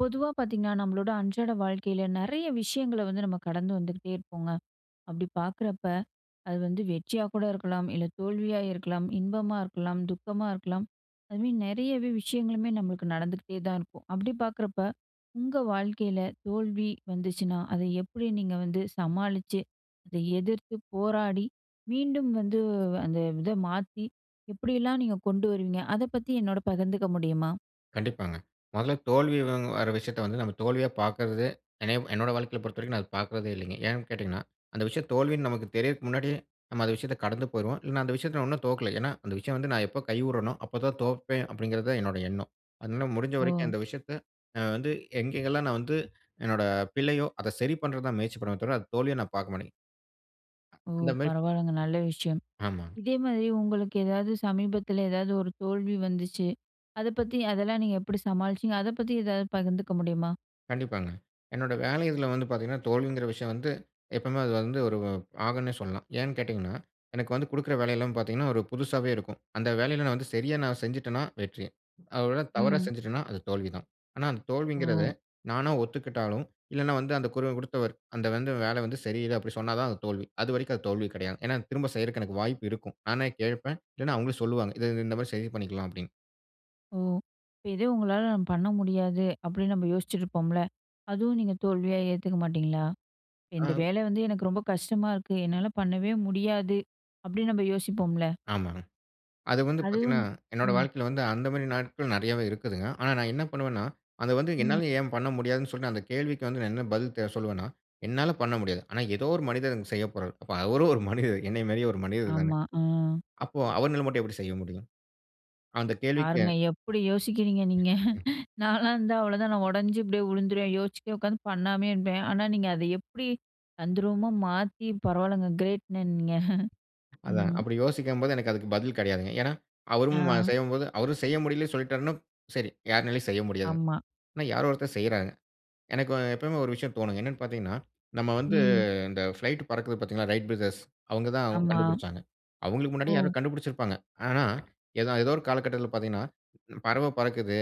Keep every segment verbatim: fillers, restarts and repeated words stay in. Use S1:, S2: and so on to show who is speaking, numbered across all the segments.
S1: பொதுவா பார்த்தீங்கன்னா, நம்மளோட அன்றாட வாழ்க்கையில நெறைய விஷயங்கள வந்து நம்ம கடந்து வந்துகிட்டே இருப்போங்க. அப்டி பார்க்றப்ப, அது வந்து வெற்றியா கூட இருக்கலாம், இல்ல தோல்வியா இருக்கலாம், இன்பமா இருக்கலாம், துக்கமா இருக்கலாம். அது மாதிரி நெறையவே விஷயங்களுமே நம்மளுக்கு நடந்துகிட்டே தான் இருக்கும். அப்டி பார்க்றப்ப உங்க வாழ்க்கையில தோல்வி வந்துச்சுனா, அத எப்டி நீங்க வந்து சமாளிச்சு, அத எதிர்த்து போராடி, மீண்டும் வந்து அந்த இத மாத்தி எப்டிலாம் நீங்க கொண்டு வருவீங்க? அத பத்தி என்னோட பகிர்ந்துக்க முடியுமா?
S2: கண்டிப்பாங்க, மொதல்ல தோல்வி வங் வர விஷயத்த வந்து நம்ம தோல்வியா பார்க்குறது என்ன என்னோடய வாழ்க்கையில பொறுத்தவரைக்கும் நான் அத பார்க்றதே இல்லைங்க. ஏன் கேட்டிங்கன்னா, அந்த விஷயம் தோல்வின்னு நமக்கு தெரியறதுக்கு முன்னாடியே நம்ம அந்த விஷயத்த கடந்து போயிருவோம். இல்லைன்னா அந்த விஷயத்த நான் இன்னும் தோக்கல. ஏன்னா அந்த விஷயம் வந்து நான் எப்போ கை உட்றனோ, அப்ப தான் தோப்பேன். அப்படிங்கிறது தான் என்னோட எண்ணம். அதனால முடிஞ்ச வரைக்கும்
S1: ஓ!
S2: அந்த விஷயத்த நான் வந்து எங்கெங்கெல்லாம் நான் வந்து, என்னோட பிழையோ அத சரி பண்றது தான் முயற்சி பண்ணுவமே தவிர, அந்த தோல்விய நான் பார்க்க மாட்டேன்
S1: ஓ!
S2: அந்த மாதிரி.
S1: பரவால்லங்க நல்ல விஷயம்.
S2: ஆமாங்க.
S1: இதே மாதிரி உங்களுக்கு ஏதாவது சமீபத்துல, ஏதாவது ஒரு தோல்வி வந்துச்சு அத பத்தி அதெல்லாம் நீங்க எப்டி சமாளிச்சிங்க? அத பத்தி ஏதாவது பகிர்ந்துக்க முடியுமா?
S2: கண்டிப்பாங்க. என்னோட வேலை இதில வந்து பார்த்தீங்கன்னா தோல்விங்கிற விஷயம் வந்து, எப்பவுமே அது வந்து ஒரு ஆகுன்னே சொல்லலாம். ஏன்னு கேட்டீங்கன்னா, எனக்கு வந்து கொடுக்கிற வேலை எல்லாம் பார்த்தீங்கன்னா ஒரு புதுசாவே இருக்கும். அந்த வேலையில வந்து சரியா செஞ்சுட்டேன்னா வெற்றி. அ ஒருவேள அத தவறா
S1: ம்.
S2: செஞ்சுட்டேன்னா அது தோல்வி தான். ஆனா அந்த தோல்விங்கறதை
S1: ஓ!
S2: நானே ஒத்துக்கிட்டாலும், இல்லன்னா வந்து அந்த குரல் கொடுத்தவர் அந்த வந்து 'வேலை வந்து சரியில்ல' அப்படின்னு சொன்னா தான் அது தோல்வி. அதுவரைக்கும் அது தோல்வி கிடையாது. ஏன்னா, திரும்ப செய்யறக்கு எனக்கு வாய்ப்பு இருக்கும். நானே கேட்பேன். இல்லன்னா அவங்களே சொல்லுவாங்க. "இத இந்த மாதிரி சரி பண்ணிக்கலாம்." அப்படின்னு.
S1: ஓ. இப்ப எதுவும் உங்களால பண்ண முடியாது அப்படின்னு நம்ம யோசிச்சிட்டுருப்போம்ல அதுவும் நீங்க தோல்வியா ஏத்துக்க மாட்டீங்களா? இந்த
S2: ஆ.
S1: வேலை வந்து எனக்கு ரொம்ப கஷ்டமா இருக்கு. என்னால பண்ணவே முடியாது அப்படின்னு நம்ம யோசிப்போம்ல.
S2: ஆமாங்க. அது வந்து
S1: அதுவும்
S2: பார்த்தீங்கன்னா, என்னோட
S1: ம்.
S2: வாழ்க்கையில வந்து அந்த மாதிரி நாட்கள் நிறையவே இருக்குதுங்க. ஆனா நான் என்ன பண்ணுவேன்னா? அத வந்து
S1: ம்.
S2: என்னால ஏன் பண்ண முடியாதுன்னு சொல்லிட்டு அந்த கேள்விக்கு வந்து நான் என்ன பதில் தே சொல்லுவேன்னா என்னால பண்ண முடியாது. ஆனா ஏதோ ஒரு மனிதன் செய்யப்போறாரு. அவரும் ஒரு மனிதர் என்னை மாதிரியே ஒரு மனிதர் தானே.
S1: ஆமா. ம்.
S2: அப்போ அவர்னால மட்டும் எப்படி செய்ய முடியும்? அந்த கேள்விக்கு
S1: பாருங்க எப்படி யோசிக்கிறீங்க
S2: ம்.
S1: நீங்க?
S2: ம்.
S1: நான்லாம் இருந்தா அவ்வளோதான் நான் உடஞ்சு இப்படியே உலுந்துருவேன். யோசிச்சுக்கிட்டே உக்காந்து பண்ணாமயே இருப்பேன். ஆனா நீங்க அதை எப்படி அந்த தந்திரமா மாத்தி பரவாயில்லங்க. கிரேட்டுங்க நீங்க.
S2: அதாங்க
S1: ம்.
S2: அப்படி யோசிக்கும்போது எனக்கு அதுக்கு பதில் கிடையாதுங்க. ஏன்னா, அவரும்
S1: ஆ
S2: செய்யும்போது அவரும் செய்ய முடியலன்னு சொல்லிட்டாருன்னா சரி யாராலும் செய்ய முடியாதுங்க.
S1: ஆமா.
S2: ஆனா, யாரோ ஒருத்தர் செய்யறாங்க. எனக்கு எப்பவுமே ஒரு விஷயம் தோணும். என்னன்னு பார்த்தீங்கன்னா, நாம வந்து
S1: ம்.
S2: இந்த பிளைட் பறக்குது பார்த்தீர்களா "ரைட் பிரதர்ஸ்," அவங்க தான்
S1: ஆமா.
S2: கண்டுபிடிச்சாங்க. அவங்களுக்கு முன்னாடி யாரோ
S1: ஓ.
S2: கண்டுபிடிச்சிருப்பாங்க. ஆனா ஏத ஏதோ ஒரு காலகட்டத்தில பார்த்தீங்கன்னா, பறவ பறக்குது.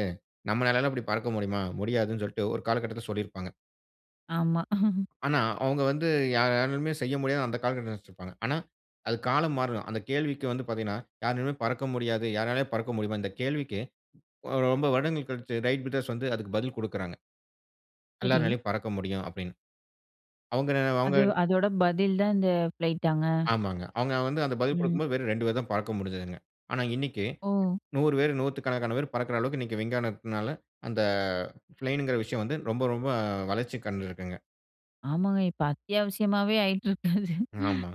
S2: நம்மளாலைலாம் இப்படி பறக்க முடியுமா? முடியாதுன்னு சொல்லிட்டு ஒரு காலகட்டத்தில சொல்லியிருப்பாங்க.
S1: ஆமா.
S2: ஆனா, அவங்க வந்து யார் யாராலும் செய்ய முடியாது அந்த காலகட்ட நினைச்சிருப்பாங்க. ஆனா, அது காலம் மாறும். அந்த கேள்விக்கு வந்து பார்த்தீங்கனா யாராலுமே பறக்க முடியாது யாராலயும் பறக்க முடியுமா? இந்த கேள்விக்கு ரொம்ப வருடங்கள் கழிச்சு ரைட் விட்டர்ஸ் வந்து அதுக்கு பதில் குடுக்கறாங்க.
S1: சரி.
S2: எல்லாராலையும் பறக்க முடியும் அப்டின்னு. அவங்க- அவங்க.
S1: அது, அதோட பதில் தான் இந்த ஃப்ளைட்டாங்க?
S2: ஆமாங்க. அவங்க வந்து அந்த பதில்
S1: ம்.
S2: குடுக்கும்போது வெறும் ரெண்டு பேர் தான் பறக்க முடுஞ்ச்சுதுங்க. ஆனா, இன்னைக்கு
S1: ஓ.
S2: நூறு பேர் நூத்துக்கணக்கான பேர் பறக்க அளவுக்கு இன்னைக்கு விஞ்ஞானத்துனால அந்த ப்ளேன் இங்கற விஷயம் வந்து ரொம்ப ரொம்ப வளர்ச்சி கண்டு இருகுங்க.
S1: ஆமாங்க. இப்ப அத்தியாவிசியமாவே ஆயிட்டு இருக்கு அது.
S2: ஆமா.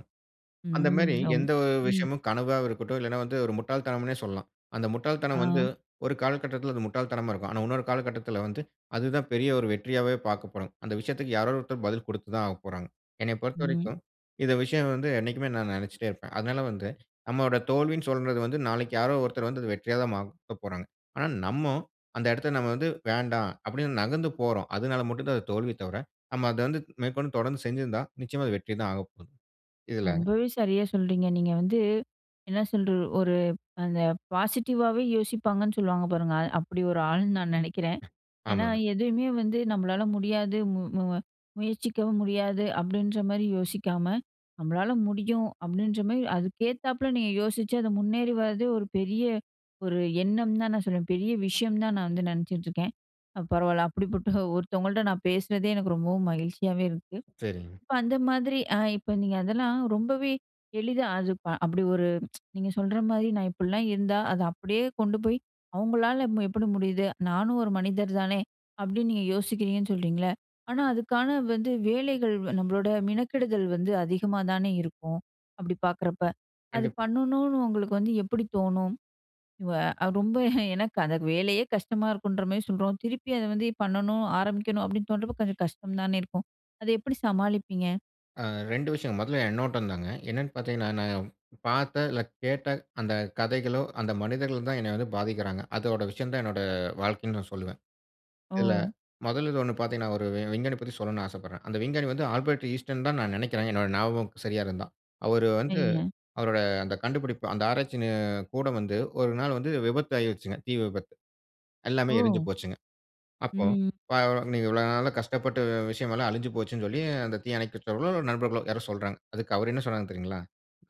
S2: அந்த மாரி
S1: ம். ரொம்.
S2: எந்த ஒரு
S1: ம்.
S2: விஷயமும் கனவா இருக்கட்டும். இல்லைனா வந்து ஒரு முட்டாள் தனம்னே சொல்லலாம். அந்த முட்டாள் தனம் வந்து,
S1: ஆ.
S2: ஒரு காலகட்டத்தில அது முட்டாள் தனமா இருக்கும். ஆனா, இன்னொரு காலகட்டத்தில வந்து அது தான் பெரிய ஒரு வெற்றியாவே பார்க்கப்போறோம். அந்த விஷயத்திற்கு யாரோ ஒருத்தர் பதில் கொடுத்து தான் ஆகப்போகிறார்கள். "என்னை
S1: ம்.
S2: பொறுத்தவரைக்கும் இந்த விஷயம் வந்து என்னிக்குமே நான் நினைச்சுட்டே இருப்பேன். அதனால வந்து, நம்முடைய தோல்வின்னு சொல்றது வந்து நாளைக்கு யாரோ ஒருத்தர் வந்து வெற்றியா தான் மாத போறாங்க." ஆனா, நம்ம அந்த இடத்தில நம்ம வந்து வேண்டாம் அப்டின்னு நகர்ந்து போறோம். அதனால மட்டும் தான் அது தோல்வி தவிர நம்ம அத வந்து மேற்கொண்டு தொடர்ந்து செஞ்ஜிருந்தா நிச்சயமா அது வெற்றி தான் ஆகப்போது. இதுல.
S1: ரொம்பவே சரியா சொல்றீங்க. நீங்க வந்து என்ன சொல்ற, ஒரு அந்த பாசிட்டிவாவே யோசிப்பாங்கன்னு சொல்லுவாங்க பாருங்க அப்டி ஒரு ஆளுன்னு நான் நினைக்கிறேன். ஏனா,
S2: ஆமாங்க.
S1: எதுவுமே வந்து நம்மளால முடியாது மு மு முயற்சிக்கவும் முடியாது அப்டின்ற மாரி யோசிக்காம, நம்மளால முடியும் அப்டின்ற மாரி அதுக்கேத்தாப்ல நீங்க யோசிச்சு அது முன்னேறி வரதே ஒரு பெரிய ஒரு எண்ணம் தான் நான் சொல்லுவேன். "பெரிய விஷயம் தான் நான் வந்து நினைச்சிட்டுருக்கேன்." பரவாயில்ல அப்டிப்பட்ட ஒருத்தவங்கள்ட்ட நான் பேசுறதே எனக்கு ரொம்பவும் மகிழ்ச்சியாவே இருக்கு.
S2: சரிங்க.
S1: இப்ப அந்த மாரி ஆ இப்ப நீங்க அதெல்லாம் ரொம்பவே எளிதா அது அப்டி ஒரு. நீங்க சொல்ற மாரி நான் இப்டிலாம் இருந்தா அத அப்டியே கொண்டு போய் அவங்களால எப்டி முடியுது? நானும் ஒரு மனிதர் தானே! அப்டின்னு நீங்க யோசிக்கிறீங்கன்னு சொல்கிறீங்களா. ஆனா, அதுக்கான வந்து வேலைகள் நம்மளோட மினக்கிடுதல் வந்து அதிகமா தானே இருக்கும். அப்டி பார்க்குறப்ப அது
S2: கண்டிப்பா.
S1: பண்ணணும்னு உங்களுக்கு வந்து எப்டி தோணும். ஆ ரொம்ப எனக்கு அந்த வேலையே கஷ்டமா இருக்குன்ற மாரி சொல்றோம் திருப்பி அத வந்து பண்ணணும் ஆரம்பிக்கணும் அப்டின்னு தோண்றப்போ கொஞ்சம் கஷ்டம் தானே இருக்கும். அத எப்படி சமாளிப்பீங்க?
S2: அ ரெண்டு விஷயம். முதல்ல என்னோட தாங்க. என்னன்னு பாத்தீங்கன்னா நான் பார்த்த, இல்ல கேட்ட அந்த கதைகளோ, அந்த மனிதர்களோ தான் என்ன வந்து பாதிக்குறாங்க. அதோட விஷயம் தான் என்னோட வாழ்க்கைன்னு சொல்லுவேன். இதுல
S1: ஓ!
S2: முதல்ல இது ஒண்ணு பாத்தீங்கன்னா, ஒரு விஞ்ஞானி பத்தி சொல்ல ஆசப்படுறேன். அந்த விஞ்ஞானி வந்து ஆல்பர்ட் இன்ஸ்டீன்தான்னு நான் நெனைக்கிறேன் என்னோட ஞாபகம் சரியா இருந்தா. அவரு வந்து,
S1: சரிங்க.
S2: அவரோட அந்த கண்டுபிடிப்பு, அந்த ஆராய்ச்சி நி கூடம் வந்து ஒரு நாள் வந்து விபத்தாயிருச்சுங்க, தீ விபத்து. எல்லாமே எரிஞ்சு
S1: ஓ!
S2: போச்சுங்க. அப்போ
S1: ம்.
S2: பா நீங்க இவ்வளவு நாளா கஷ்டப்பட்ட விஷயம் எல்லாம் அழிஞ்சு போச்சுன்னு சொல்லி அந்த தீயணைப்பு வீரர்களோ, நண்பர்களோ யாரோ சொல்றாங்க. அதுக்கு அவரு என்ன சொன்னாரு தெரியுங்களா?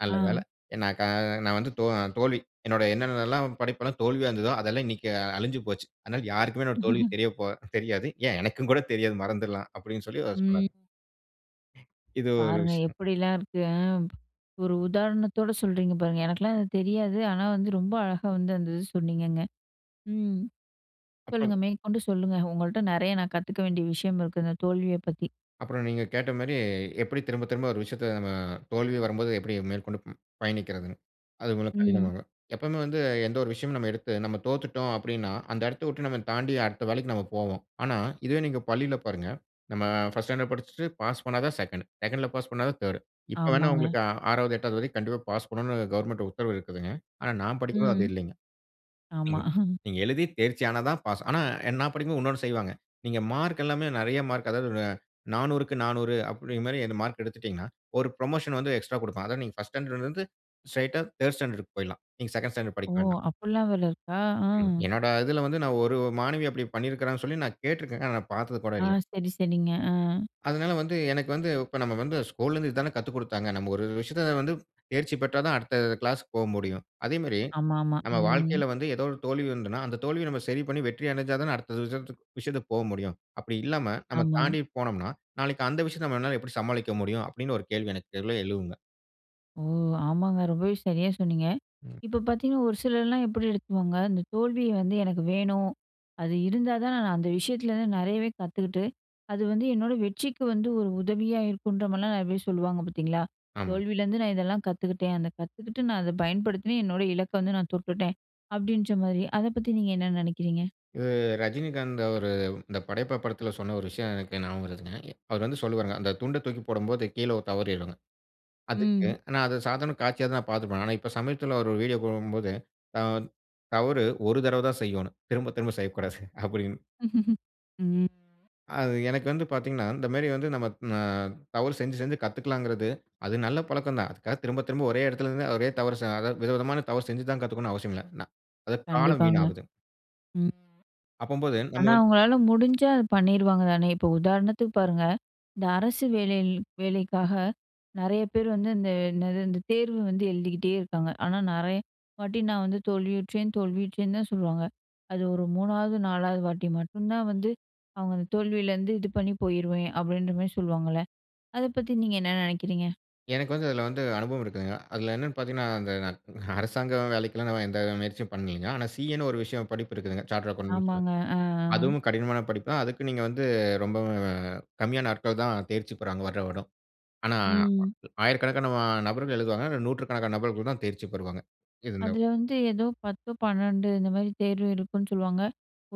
S2: நல்ல வேள,
S1: ஆ.
S2: நான் க நான் வந்து தோ தோல்வி, என்னோட என்னென்னெல்லாம் படைப்பு எல்லாம் தோல்வியா இருந்ததோ அதெல்லாம் இன்னைக்கு அழிஞ்சு போச்சு. அதனால யாருக்குமே என்னோட தோல்வி தெரியப் போ தெரியாது, ஏன் எனக்கும் கூட தெரியாது, மறந்துடலாம் அப்டின்னு சொல்லி அவரு சொன்னாரு.
S1: ம்.
S2: இது ஒரு
S1: பாருங்க
S2: விஷயம்.
S1: எப்டிலாம் இருக்கு! அ ஒரு உதாரணத்தோட சொல்றீங்க பாருங்க. எனக்குலாம் இது தெரியாது, ஆனா வந்து ரொம்ப அழகா வந்து அந்த இத சொன்னீங்கங்க. ம்
S2: அப்புறம்
S1: சொல்லுங்க, மேற்கொண்டு சொல்லுங்க. உங்கள்ட்ட நெறைய நான் கத்துக்க வேண்டிய விஷயம் இருக்குதுங்க தோல்விய பத்தி.
S2: அப்புறம் நீங்க கேட்ட மாரி எப்டி திரும்ப திரும்ப ஒரு விஷயத்துல நம்ம தோல்வி வரும்போது எப்டி மேற்கொண்டு பயணிக்கிறதுன்னு, அது ரொம்ப கடினம்
S1: ம்.
S2: தான். எப்பவுமே வந்து எந்த ஒரு விஷயமும் நம்ம எடுத்து நம்ம தோத்துட்டோம் அப்டின்னா, அந்த எடத்த விட்டு நம்ம தாண்டி அடுத்த வேலைக்கு நம்ம போவோம். ஆனா, இதுவே நீங்க பள்ளில பாருங்க, நம்ம ஃபர்ஸ்ட் ஸ்டாண்டர்ட் படிச்சிட்டு பாஸ் பண்ணாதான் செகண்ட்டு செகண்ட்டுல பாஸ் பண்ணாதான் தேர்டு இப்ப வேணா
S1: ஆமாங்க.
S2: உங்களுக்கு ஆறாவது, எட்டாவது வரைக்கும் கண்டிப்பா பாஸ் பண்ணனும்னு கவர்மெண்ட் உத்தரவு இருக்குதுங்க. ஆனா நான் படிக்கும்போது அது
S1: ம்.
S2: இல்லைங்க.
S1: ஆமா.
S2: ம். நீங்க எழுதி, தேர்ச்சியானா தான் பாஸ். ஆனா, நான் படிக்கும்போது இன்னொன்னு செய்வாங்க, நீங்க மார்க் எல்லாமே நெறைய மார்க் அதாவது நானூறுக்கு நானூறு அப்டிங்கற மாரி அந்த மார்க் எடுத்துட்டீங்கன்னா, ஒரு புரமோஷன் வந்து எக்ஸ்ட்ரா குடுப்பாங்க. அதாவது நீங்க ஃபர்ஸ்ட் ஸ்டாண்டர்ட்லருந்து, ஸ்ட்ரெய்ட்டா தேர்டு ஸ்டாண்டர்டுக்கு போயிடலாம். நீங்க செகண்ட்டு ஸ்டாண்டர்ட்
S1: ஓ!
S2: படிக்க வேண்டாம்.
S1: அப்டிலாம் வேற இருக்கா? ஆ.
S2: என்னொட இதுல வந்து நான் ஒரு மாணவி அப்டி பண்ணிருக்காங்கன்னு சொல்லி நான் கேட்ருக்கேன். ஆனா நான் பார்த்தது கூட
S1: ஆ
S2: இல்ல.
S1: சரி சரிங்க ஆ.
S2: அதனால வந்து எனக்கு வந்து இப்ப நம்ம வந்து ஸ்கூல்ல இருந்து இதான கத்துக்குடுத்தாங்க, நம்ம ஒரு விஷயத்துல வந்து தேர்ச்சி பெற்றாதான், அடுத்த கிளாஸ்க்கு போமுடியும். அதேமாரி,
S1: ஆமாமா.
S2: நம்ம
S1: ம்.
S2: வாழ்க்கைல வந்து ஏதோ ஒரு தோல்வி வந்ததுன்னா, அந்த தோல்விய நம்ம சரி பண்ணி வெற்றியடஞ்சா தான அடுத்த விஷயத்துக் விஷயத்துக்கு போகமுடியும். அப்டி இல்லாம நம்ம
S1: ஆமா.
S2: தாண்டி போனோம்னா, நாளைக்கு அந்த விஷயத்த நம்மளால எப்டி சமாளிக்க முடியும்? அப்டின்னு ஒரு கேள்வி எனக்கெள எழும்ங்க.
S1: ஓ! ஆமாங்க. ரொம்பவே சரியா சொன்னீங்க.
S2: ம்.
S1: இப்ப பாத்தீங்கனா, ஒரு சிலர்லா எப்படி எடுத்துவாங்க? இந்த தோல்விய வந்து, "எனக்கு வேணும். அது இருந்தா தா, நான் அந்த விஷயத்துலேருந்து நெறையவே கத்துக்கிட்டு, அது வந்து, என்னோட வெற்றிக்கு வந்து, ஒரு உதவியா இருக்குன்ற" மாரிலா, நெறய பேர் சொல்லுவாங்க, பாத்தீங்களா?
S2: ஆமாங்க.
S1: "தோல்வியிலருந்து நா இதெல்லா கத்துக்க்கிட்டேன். அத கத்துக்கிட்டு, நா அத பயன்படுத்தின, என்னோட இலக்க வந்து நான் தொட்டுட்டேன்." அப்படின்ற மாரி, அத பத்தி நீங்க என்ன நெனக்கிறீங்க?
S2: இவு ரஜினிகாந்த் அவரு, இந்த படையப்பா படத்தில, சொன்ன ஒரு விஷய, எனக்கு ஞாபக வருதுங்க. அவர் வந்து சொல்லுவாருங்க. அந்த துண்ட தூக்கி போடம்போது, கீழ ஒரு தவறிடுங்க. அதுக்கு
S1: ம்.
S2: ஆனா, அது சாதாரண காட்சியாதா பார்த்துப்பே. ஆனா இப்ப, சமீபத்தில அவர் ஒரு வீடியோ போடம்போது, "த தவறு ஒரு தடவ தான் செய்யணும். திரும்ப திரும்ப செய்யக்கூடாது." அப்படினு.
S1: ம்.
S2: அது, எனக்கு வந்து பாத்தீங்கனா, இந்த மேரி வந்து, நம்ம அ தவறு செஞ்சு செஞ்சு கத்துக்குளாங்குறது, அது நல்ல பழக்கந்தான். அதுக்காக திரும்ப திரும்ப ஒரே இடத்திலருந்து ஒரே தவறு சா அதாவது விதவிதமான தவறு செஞ்சுதா கத்துக்கணு அவசியமில்ல ந அது, காலம்
S1: கண்டிப்பாங்க.
S2: வீணாகுது.
S1: ம்.
S2: அப்பம்போது நம்ம
S1: ஆனா,
S2: வந்து.
S1: அவங்களால முடிஞ்சா, அத பண்ணிடுவாங்க தானே. இப்ப உதாரணத்துக்கு பாருங்க, இந்த அரசு வேலை வேலைக்காக நெறய பேர் வந்து, இந்த என்னது, இந்த தேர்வு வந்து, எழுதிக்கிட்டே இருக்காங்க. ஆனா நெறய வாட்டி, நான் வந்து தோல்வியுற்றேன் தோல்வியுற்றேன்னு தா சொல்வாங்க. அது ஒரு மூணாவது நாலாவது வாட்டி மட்டுந்தா வந்து, அவங்க அந்த தோல்வியிலேருந்து, இது பண்ணி போயிடுவேன். அப்படின்ற மாரி சொல்லுவாங்கல்ல. அத பத்தி நீங்க என்ன நெனக்கிறீங்க?
S2: எனக்கு வந்து அதுல வந்து அனுபவம் இருக்குங்க. அதுல என்னென்னு பார்த்தீங்கன்னா இந்த அரசாங்க வேலைக்கெல்லாம் நான் எந்த முயற்சியும் பண்ணலங்க. ஆனா சி.ஏனு ஒரு விஷயம் படிப்பு இருக்குதுங்க சார்டர்ட் அக்கவுண்ட்.
S1: ஆமாங்க. அ.
S2: அதுவும் கடினமான படிப்புதான் அதுக்கு நீங்க வந்து ரொம்பவும் கம்மியான ஆட்கள் தான் தேர்ச்சி பெறாங்க வருடா வருடம். ஆனா
S1: ம்.
S2: ஆயிரக்கணக்கான ஆ நபர்கள் எழுதுவாங்க நூற்றுக்கணக்கான நபர்கள் தான் தேர்ச்சி பெறுவாங்க இது இந்த.
S1: அதுல வந்து ஏதோ பத்து, பன்னிரன்டு இந்த மாரி தேர்வு இருக்குன்னு சொல்லுவாங்க.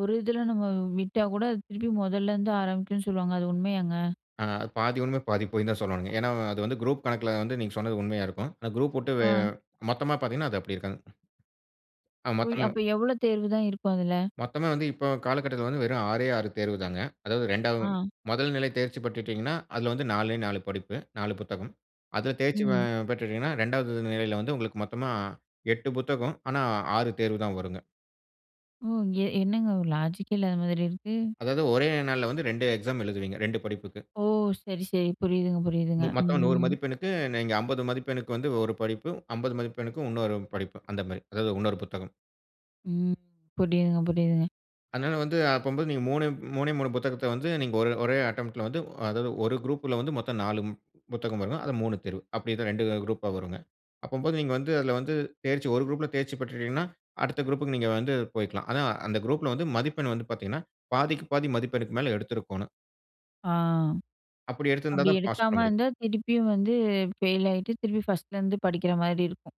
S1: ஒரு இதுல நம்ம விட்டா கூட அது திருப்பி முதல்லருந்து ஆரம்பிக்கும்னு சொல்லுவாங்க அது உண்மையாங்க?
S2: ஆ பாதி உண்ம பாதி பொய் தான் சொல்லனும்ங்க. ஏனா, அது வந்து குரூப் கணக்குல வந்து நீங்க சொன்னது உண்மையா இருக்கும். குரூப்வுட்டு வெ
S1: ஆ.
S2: மொத்தமா பார்த்தீங்கன்னா அது அப்டி இருக்காது. ஆ
S1: ஒய்.
S2: மொத்தமும்,
S1: அப்போ எவ்வளோ தேர்வுதான் இருக்கும் அதுல?
S2: மொத்தமே வந்து இப்ப காலகட்டத்துல வந்து வெறும் ஆறே ஆறு தேர்வுதாங்க. அதாவது ரெண்டாவது
S1: ஆ.
S2: முதல் நிலை தேர்ச்சி பெற்றுட்டீங்கன்னா, அதுல வந்து நாலே நாலு படிப்பு நாலு புத்தகம். அதுல தேர்ச்சி ஆ
S1: ம்.
S2: பெற்றுட்டீங்கன்னா ரெண்டாவது நிலையில வந்து உங்களுக்கு மொத்தமா எட்டு புத்தகம். ஆனா ஆறு தேர்வு தான் வருங்க.
S1: ம். எ என்னங்க ஒரு லாஜிக் கே இல்லாத மாதிரி இருக்கு.
S2: அதாவது ஒரே நாள்ல வந்து ரெண்டு எக்ஸாம் எழுதுவீங்க. ரெண்டு படிப்புக்கு.
S1: ஓ! சரி சரி. புரியுதுங்க புரியுதுங்க.
S2: மு மத்தம் நூறு
S1: ம்.
S2: மதிப்பெண்ணுக்கு நீங்க அம்பது மதிப்பெண்ணுக்கு வந்து ஒரு படிப்பு அம்பது மதிப்பெண்ணுக்கும் இன்னொரு படிப்பு அந்த மாரி அதாவது இன்னொரு புத்தகம்.
S1: ம். புரியுதுங்க. புரியுதுங்க.
S2: அதனால வந்து, அப்பம்போது நீங்க மூணே, மூணே மூணு புத்தகத்த வந்து, நீங்க ஒரே, ஒரே அட்டம்ட் ல வந்து, அதாவது ஒரு குரூப்ல வந்து மொத்த நாலு புத்தகம் வருங்க. அதுல மூணு தேர்வு. அப்டிதான் ரெண்டு குரூப்பா வருங்க. அப்பம்போது நீங்க வந்து, அதுல வந்து தேர்ச்சி ஒரு குரூப்ல தேர்ச்சி பெற்றுட்டீங்கனா, அடுத்த குரூப்க்கு நீங்க வந்து போயிக்கலாம். ஆனா, அந்த குரூப்ல வந்து மதிப்பெண் வந்து பாத்தீங்கனா, பாதிக்கு பாதி மதிப்பெண்ணுக்கு மேல எடுத்திருக்கோணும்.
S1: ஆ,
S2: அப்படி
S1: அப்டி
S2: எடுத்திருந்தாதான், பாஸ் பண்ண
S1: எடுக்காம
S2: முடியும்.
S1: இருந்தா, திருப்பியும் வந்து, ஃபெயில் ஆயிட்டு, திருப்பி ஃபர்ஸ்ட்லருந்து படிக்கிற மாரி இருக்கும்.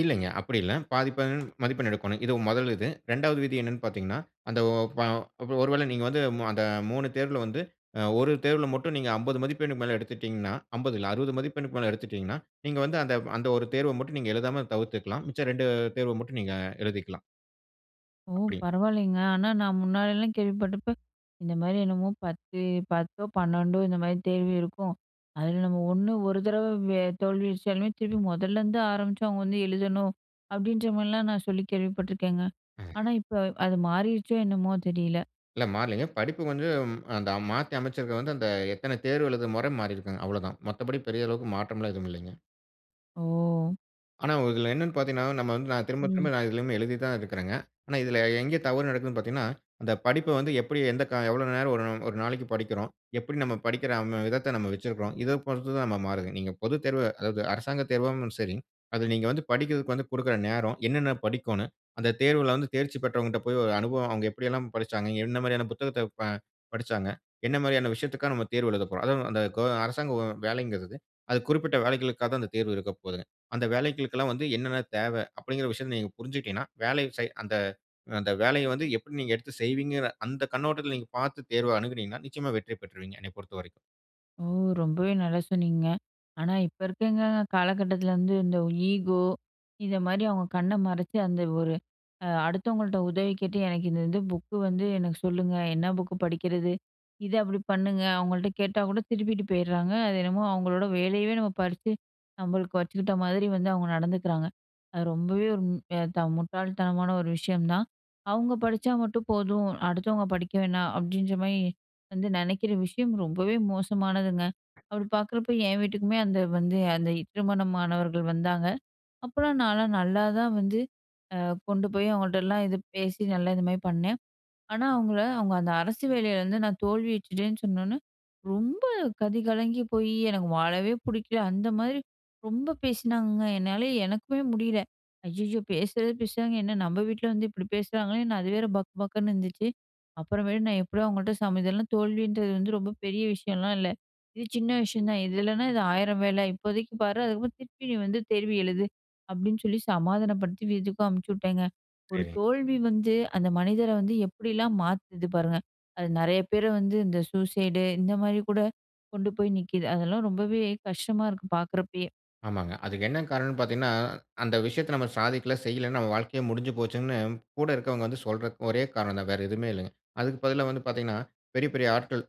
S2: இல்லைங்க. அப்டி இல்ல, பாதிப்பாதி மதிப்பெண் எடுக்கணும். இது முதல் இது. ரெண்டாவது விதி என்னனு பாத்தீங்கனா, அந்த வ ஒரு வேள நீங்க வந்து, அந்த மூணு தேர்வுல வந்து, ஒரு தேர்வுல மட்டும் நீங்க, அம்பது மதிப்பெண்ணுக்கு மேல எடுத்துட்டீங்கனா, அம்பது இல்ல, அறுபது மதிப்பெண்ணுக்கு மேல எடுத்துட்டீங்கனா, நீங்க வந்து அந்த, அந்த ஒரு தேர்வ மட்டும், நீங்க எழுதாம தவிர்த்துக்கலாம். மிச்ச ரெண்டு தேர்வ மட்டு, நீங்க எழுதிக்கலாம்.
S1: ஓ!
S2: அப்டி.
S1: பரவாயில்லங்க. ஆனா நான், முன்னாடிலாம் கேள்விப்பட்டப்ப, இந்த மாரி என்னமோ பத்து, பத்தோ பண்ணண்டோ, இந்த மாரி தேர்வு இருக்கும். அதுல நம்ம ஒண்ணு, ஒரு தடவ தோல்வி அடிச்சாலுமே திருப்பி முதல்லருந்து ஆரம்பிச்சு, அவங்க வந்து எழுதணும். அப்டின்ற மாரிலா, நான் சொல்லி கேள்விப்பட்டுருக்கேங்க.
S2: அ.
S1: ஆனா, இப்ப அது மாறிருச்சோ, என்னமோ தெரியல.
S2: இல்ல மாறலைங்க. படிப்புக் வந்து ம் அந்த மாத்தி அமச்சது வந்து அந்த எத்தன தேர்வு எழுதுற மொற மாறியிருக்குங்க. அவ்வளோதான். மத்தபடி பெரிய அளவுக்கு மாற்றம்லா எதுவுமில்லிங்க.
S1: ஓ!
S2: ஆனா இதுல என்னனு பாத்தீங்கனா, நம்ம வந்து நா திரும்ப
S1: ம்.
S2: திரும்ப நா இதிலயுமே எழுதி தான் இருக்கிறேங்க. ஆனா இதில எங்க தவறு நடக்குதுனு பாத்தீங்கனா, அந்த படிப்ப வந்து எப்படி எந்த கா எவ்வளோ நேரம் ஒரு நாளைக்கு படிக்கிறோம்? எப்படி நம்ம படிக்கிற அந்த விதத்த நம்ம வச்சிருக்கிறோம்? இத பொறுத்து தான் ம மாறுதுங்க. நீங்க பொதுத்தேர்வ, அதாவது அரசாங்க தேர்வும் சரி, அதில நீங்க வந்து படிக்றதுக்கு வந்து குடுக்கிற நேரம், என்னென்ன படிக்கோணும்? அந்த தேர்வுல வந்து தேர்ச்சி பெற்றவங்கட்ட போய் ஒரு அனுபவம், அவுங்க எப்படியெல்லாம் படிச்சாங்க? என்ன மாரியான புத்தகத்த ப படிச்சாங்க? என்ன மாரியான விஷயத்துக்காக நம்ம தேர்வு எழுதப்போறோம்? அதாவது அந்த கொ அரசாங்க வேலைங்கிறது, அது குறிப்பிட்ட வேலைகளுக்காக தான் அந்த தேர்வு இருக்க போதுங்க. அந்த வேலைகளுக்கெல்லாம் வந்து என்னென்ன தேவ? அப்படிங்கிற விஷயத்த நீங்க புருஞ்சிடீங்கனா, வேலையு செய் அந்த அந்த வேலைய வந்து எப்படி நீங்க எடுத்து செய்வீங்கற? அந்த கண்ணோட்டத்தில நீங்க பாத்து தேர்வ அணுகுனீங்கனா, நிச்சயமா வெற்றி பெற்றுவீங்க என்ன பொறுத்தவரைக்கும்.
S1: ஓ! ரொம்பவே நல்லா சொன்னீங்கங்க. ஆனா இப்ப இருக்கவுங்க காலகட்டத்தில வந்து இந்த ஈகோ இத மாரி அவுங்க கண்ண மறச்சு அந்த ஒரு அ அடுத்தவங்கள்ட்ட உதவி கேட்டு எனக்கு இது வந்து புக்கு வந்து எனக்கு சொல்லுங்க! என்ன புக்கு படிக்கிறது? இத அப்படி பண்ணுங்க அவுங்கள்ட்ட கேட்டா கூட திருப்பிட்டு போயிர்றாங்க. அது என்னமோ அவுங்களோட வேலையவே நம்ம பறிச்சு நம்மளுக்கு வச்சுக்கிட்ட மாரி வந்து அவுங்க நடந்துக்கிறாங்க. அது ரொம்பவே ஒரு மு ஏ த முட்டாள் தனமான ஒரு விஷயம் தான். அவுங்க படிச்சா மட்டும் போதும், அடுத்தவங்க படிக்க வேணா, அப்டின்ற மாரி வந்து நெனைக்கிற விஷயம் ரொம்பவே மோசமானதுங்க. அப்டி பாக்குறப்ப என் வீட்டுக்குமே அந்த வந்து அந்த திருமணமானவர்கள் வந்தாங்க. அப்புறம் நாலாம் நல்லா தான் வந்து, அ கொண்டு போய் அவுங்கள்ட்டலாம் இது, பேசி, நல்லா இது மாரி பண்ணேன். ஆனா அவுங்கள அவுங்க அந்த அரசு வேலைல வந்து நான் தோல்வியுற்றுடேன்னு சொன்னோனே, ரொம்ப கதி கலங்கி போயி, எனக்கு வாழவே புடிக்கல அந்த மாரி, ரொம்ப பேசினாங்கங்க. என்னால எனக்குமே முடியல. ஐய்யய்யோ! பேசுறது பேசுறாங்க, என்ன நம்ப வீட்ல வந்து இப்டி பேசுறாங்களேன் அது வேற பக் பக்குன்னு இருந்துச்சு. அப்புறமேட்டு நான் எப்படியோ அவுங்கள்ட்ட சம இதெல்லாம் தோல்வின்றது வந்து ரொம்ப விஷயம்லா இல்ல. இது சின்ன விஷயம் தான் இதில்லனா இது ஆயிர வேல. இப்போதைக்கு பாரு, அதுக்கப்புற திருப்பியும் வந்து தேர்வு எழுது அப்டின்னு சொல்லி சமாதானப்படுத்தி வீட்டுக்கும் அனுப்ச்சுவிட்டேங்க. ஒரு
S2: சரிங்க.
S1: தோல்வி வந்து அந்த மனிதர வந்து, எப்படிலாம் மாத்துது பாருங்க! அது நெறைய பேர வந்து இந்த சூசைடு, இந்த மாரி கூட கொண்டு போய் நிக்கிது. அதெல்லாம் ரொம்பவே கஷ்டமா இருக்கு பாக்குறப்பயே.
S2: ஆமாங்க. அதுக்கு என்ன காரணம்னு பாத்தீங்கனா, "அந்த விஷயத்த நம்ம சாதிக்கல, செய்யலனு நம்ம வாழ்க்கையே முடிஞ்சுப்போச்சுனு கூட இருக்குறவங்க வந்து சொல்றது ஒரே காரணம் தான்," வேற எதுவுமே இல்லங்க. அதுக்கு பதிலா வந்து பாத்தீங்கனா பெரிய, பெரிய ஆட்கள்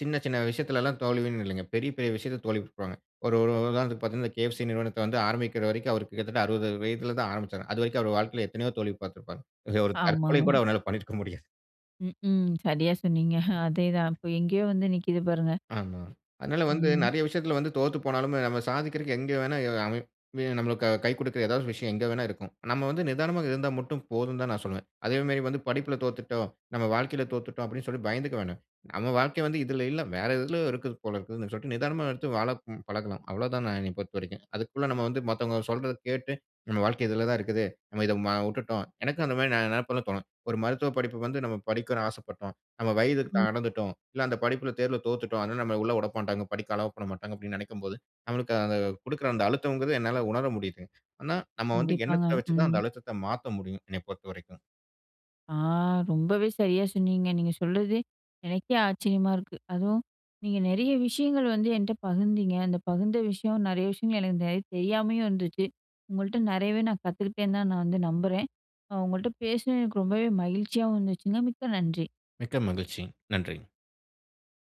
S2: சின்ன, சின்ன விஷயத்துலலாம் தோல்வின்னு இல்லங்க. பெரிய, பெரிய விஷயத்துல தோல்வியுற்றுப்பாங்க. ஒரு, ஒரு உதாரணத்துக்கு பாத்தீங்கனா கே.எஃப்.சி நிறுவனத்த வந்து ஆரம்பிக்கிற வரைக்கும், அவருக்கு கிட்டத்தட்ட அறுபது வயதுல தான் ஆரம்பிச்சாரு. அதுவரைக்கும் அவர் வாழ்க்கைல எத்தனையோ தோல்வி பாத்திருப்பாரு. இதுல ஒரு தற்கொலை கூட
S1: ஆமாங்க.
S2: அவரால பண்ணியிருக்க முடியாது.
S1: ம் ஹ்ம் சரியா சொன்னீங்க, அதேதான் அப்போ எங்கயோ வந்து நிக்குது பாருங்க.
S2: ஆமா, அதனால வந்து
S1: ம்.
S2: நெறய விஷயத்துல வந்து தோத்து போனாலும், நம்ம சாதிக்குறதுக்கு எங்க வெணா எ அமை இல்லனா நம்மளுக்கு கை கொடுக்குற ஏதாவது ஒரு விஷயம் எங்க வேணா இருக்கும். நம்ம வந்து நிதானமா இருந்தா மட்டும் போதும்னு தான் நான் சொல்வேன். அதே மாரி வந்து படிப்புல தோத்துட்டோம், நம்ம வாழ்க்கைல தோத்துட்டோம் அப்டின்னு சொல்ட்டு பயந்துக்க வேணா. நம்ம வாழ்க்க வந்து இதுல இல்ல. வேற எதுலையோ இருக்குது போல இருக்குதுனு, சொல்ட்டு நிதானமா எடுத்து வாழப் பழகனும். அவ்ளோ தான் என்ன பொறுத்தவரைக்கும். அதுக்குள்ள நம்ம வந்து, மத்தவங்க சொல்றத கேட்டு, நம்ம வாழ்க்க இதுல தான் இருக்குது. நம்ம இத உட்டுட்டோம், எனக்கும் அந்த மாரி நெனப்புலாம் தோன்னும். ஒரு மருத்துவ படிப்புக்கு வந்து நம்ம படிக்க ஆசப்பட்டோம். நம்ம வயதுக்கு
S1: ம்.
S2: தடந்துட்டோம், இல்ல அந்த படிப்புல தேர்வுல தோத்துட்டோம். அதனால நம்மள உள்ள உடமாட்டாங்க, படிக்க அலோவ் பண்ணமாட்டாங்க அப்டின்னு நெனைக்கும்போது, நம்மளுக்கு குடுக்குற அந்த அழுத்தங்குறது என்னால உணர முடியுது. ஆனா, நம்ம வந்து
S1: கண்டிப்பாங்க,
S2: எண்ணத்த வச்சு தான்
S1: ம்.
S2: அந்த அழுத்தத்த மாத்த முடியும். என்னைய பொறுத்தவரைக்கும்.
S1: ஆ! ரொம்பவே சரியா சொன்னீங்க. நீங்க சொல்றது எனக்கே ஆச்சரியமா இருக்கு. அதுவும் நீங்க நெறய விஷயங்கள் வந்து என்ட்ட பகிர்ந்தீங்க. அந்த பகிர்ந்த விஷயம் நெறய விஷயங்கள் எனக்கு நெறைய தெரியாமலும் இருந்துச்சு. உங்கள்ட்ட நெறயவே நான் கத்துக்கிட்டே தான் நான் வந்து நம்புறேன். நான் உங்கள்ட்ட பேசுனது எனக்கு ரொம்பவே மகிழ்ச்சியாவும் இருந்துச்சுங்க, மிக்க நன்றி.
S2: மிக்க மகிழ்ச்சி. நன்றிங்க.